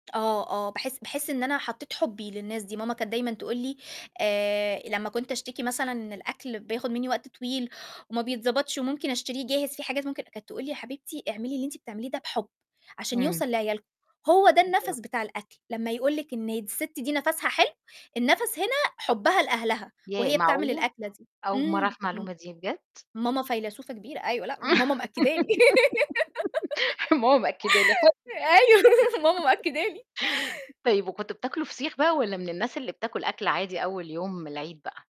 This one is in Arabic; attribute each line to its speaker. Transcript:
Speaker 1: آه آه، باحس باحس إن أنا حطّيت حُبّي للناس دي، ماما كانت دايمًا تقول لي آآ لمّا كنت أشتكي مثلًا إن الأكل بياخُد منّي وقت طويل وما بيتضبطش وممكن أشتريه جاهز، في حاجات ممكن أ كانت تقول لي "يا حبيبتي اعملي اللي أنتِ بتعمليه ده بحُب عشان
Speaker 2: إمم.
Speaker 1: يوصل لعيالِكم" هو ده
Speaker 2: بالض
Speaker 1: النَفْس بتاع الأكل لمّا يقول لِك إن د السِت دي نَفْسها حلو، النَفْس هنا حُبّها لأهلها
Speaker 2: ياه
Speaker 1: وهي بتعمل
Speaker 2: معقولة!
Speaker 1: الأكلة دي
Speaker 2: أول مرّة
Speaker 1: إمم
Speaker 2: أعرف المعلومة
Speaker 1: إمم،
Speaker 2: دي بجد؟!
Speaker 1: ماما فيلسوفة كبيرة أيوه لأ ماما مأكّده لي.
Speaker 2: ماما مأكد لي
Speaker 1: أيوه ماما
Speaker 2: [unintelligible]
Speaker 1: مأكدة لي.
Speaker 2: طيب وكنتم بتاكلوا فسيخ بقى والّا من الناس اللي بتاكل أكل عادي أول يوم العيد بقى؟